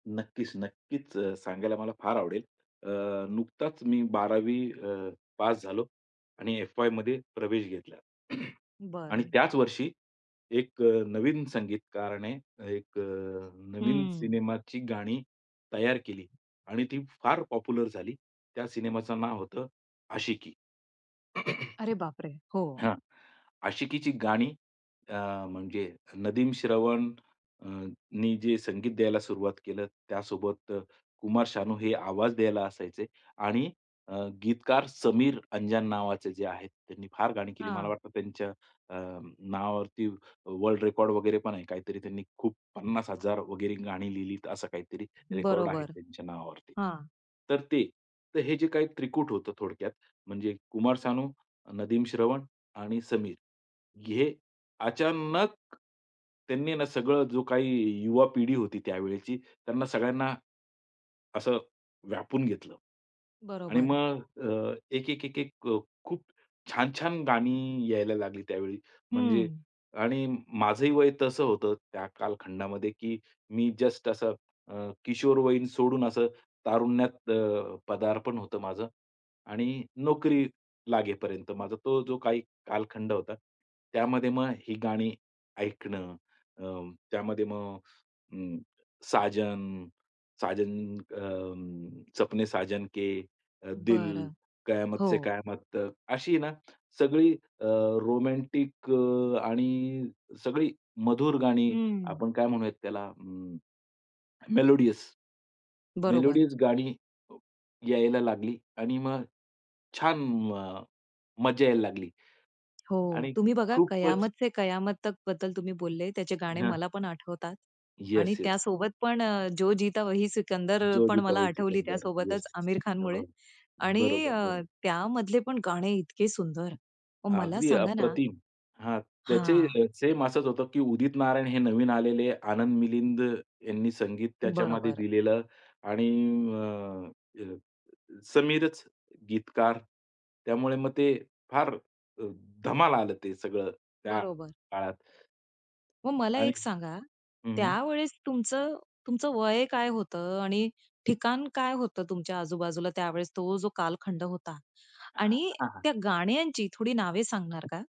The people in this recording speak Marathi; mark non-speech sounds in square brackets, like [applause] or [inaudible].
नक्कीच, नक्कीच सांगायला मला फार आवडेल. अ, नुकताच मी 12वी अ, पास झालो. आणि एफ-वायमध्ये प्रवेश घेतला. [clears throat] आणि बरं. त्याच वर्षी एक अ, नवीन संगीतकाराने एक अ, नवीन हं. सिनेमाची गाणी तयार केली. आणि ती फार पॉप्युलर झाली. त्या सिनेमाचं नाव होतं आशिकी. अरे बाप रे! [clears throat] हो. हां. आशिकीची गाणी अ, म्हणजे नदीम श्रवण अ, ...नी जे संगीत द्यायला सुरुवात केलं, त्यासोबत अ, कुमार सानू हे आवाज द्यायला असायचे आणि अ, गीतकार समीर अंजान नावाचे जे आहेत, त्यांनी फार गाणी केली. मला हां. वाटतं त्यांच्या अ, नावावरती वर्ल्ड रेकॉर्ड वगैरे पण आहे. काहीतरी त्यांनी खूप 50,000 वगैरे गाणी लिहिलीत, असं काहीतरी रेकॉर्ड आहे बरोबर. त्यांच्या नावावर. हां. तर ते तर हे जे काही त्रिकूट होतं, थोडक्यात म्हणजे कुमार सानू, नदीम श्रवण आणि समीर, हे अचानक त्यांनी ना, सगळं जो काही युवा पिढी होती त्यावेळची, त्यांना सगळ्यांना. असं व्यापून घेतलं. आणि बरोबर. मग अ, एक, एक, एक, एक अ, खूप छान-छान गाणी अ, यायला लागली त्यावेळी म्हणजे. हं. आणि माझंही वय तसं होतं त्या कालखंडामध्ये, की मी जस्ट असं अ, किशोरवयीन सोडून असं तारुण्यात अ, पदार्पण होतं माझं आणि नोकरी लागेपर्यंत माझा तो जो काही कालखंड होता. त्यामध्ये मग ही गाणी ऐकणं. अ, त्यामध्ये मग अ, साजन, साजन, अ, सपने साजन के, दिल, बरं. कयामत से हो. कयामत तक अशी आहे ना, सगळी अ, रोमॅन्टिक अ, आणि सगळी मधुर गाणी, हं. आपण काय म्हणूयात त्याला अ, मेलोडियस, बरोबर. मेलोडीज गाणी यायला लागली. आणि मग छान अ, मजा यायला लागली. हो. आणि तुम्ही बघा खूपच कयामत से कयामत तक बद्दल तुम्ही बोलले, त्याचे गाणे हां. मला पण आठवतात. आणि येस, येस. त्यासोबत पण अ, जो जीता वही सिकंदर जो पण जीता मला वही आठवली सिकंदर. त्यासोबतच येस. आमिर हां, खानमुळे. हां. आणि बरोबर, अ, बरोबर. त्यामधले पण गाणे इतके सुंदर, मग मला अगदी सांगा ना अप्रतिम. हां, त्याचे हां. अ, सेम असंच होतं, की उदित नारायण हे नवीन आलेले. आनंद मिलिंद यांनी संगीत त्याच्यामध्ये बरोबर. दिलेलं आणि अ, अ, समीरच गीतकार. त्यामुळे मग ते फार अ, धमाल आलं ते सगळं त्या बरोबर. काळात. मग मला आणि एक सांगा, हं, हं. त्यावेळेस तुमचं तुमचं वय काय होतं आणि ठिकाण काय होतं तुमच्या आजूबाजूला त्यावेळेस, तो जो कालखंड होता हां, आणि हां. त्या गाण्यांची थोडी नावे सांगणार का?